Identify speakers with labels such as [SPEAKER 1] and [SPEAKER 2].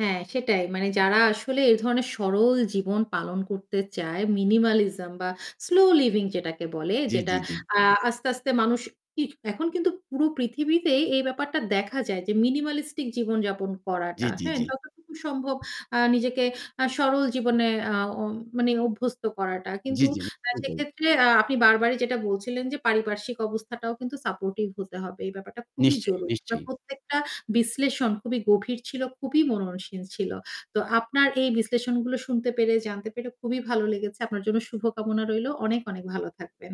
[SPEAKER 1] হ্যাঁ সেটাই। মানে যারা আসলে এ ধরনের সরল জীবন পালন করতে চায়, minimalism বা স্লো লিভিং যেটাকে বলে,
[SPEAKER 2] জি,
[SPEAKER 1] যেটা
[SPEAKER 2] জি, জি।
[SPEAKER 1] আ আস্তে, আস্তে মানুষ ই এখন কিন্তু পুরো পৃথিবীতেই এই ব্যাপারটা দেখা যায় যে minimalistic জীবন যাপন
[SPEAKER 2] জি,
[SPEAKER 1] করাটা,
[SPEAKER 2] জি,
[SPEAKER 1] হ্যাঁ?
[SPEAKER 2] জি।
[SPEAKER 1] যতটুকু সম্ভব আ নিজেকে আ সরল জীবনে আ উ মানে অভ্যস্ত করাটা।
[SPEAKER 2] জি,
[SPEAKER 1] কিন্তু
[SPEAKER 2] জি
[SPEAKER 1] আ
[SPEAKER 2] সেটাই।
[SPEAKER 1] সেক্ষেত্রে আ আপনি বারবারই যেটা বলছিলেন যে, "পারিপার্শ্বিক অবস্থাটাও কিন্তু supportive হতে হবে।" এই ব্যাপারটা খুবই
[SPEAKER 2] নিশ্চয়ই,
[SPEAKER 1] জরুরি। আপনার
[SPEAKER 2] নিশ্চয়ই।
[SPEAKER 1] প্রত্যেকটা বিশ্লেষণ খুবই গভীর ছিল, খুবই মননশীল ছিল। তো আপনার এই বিশ্লেষণগুলো শুনতে পেরে, জানতে পেরে খুবই ভালো লেগেছে। আপনার জন্য শুভকামনা রইলো। অনেক, অনেক ভালো থাকবেন।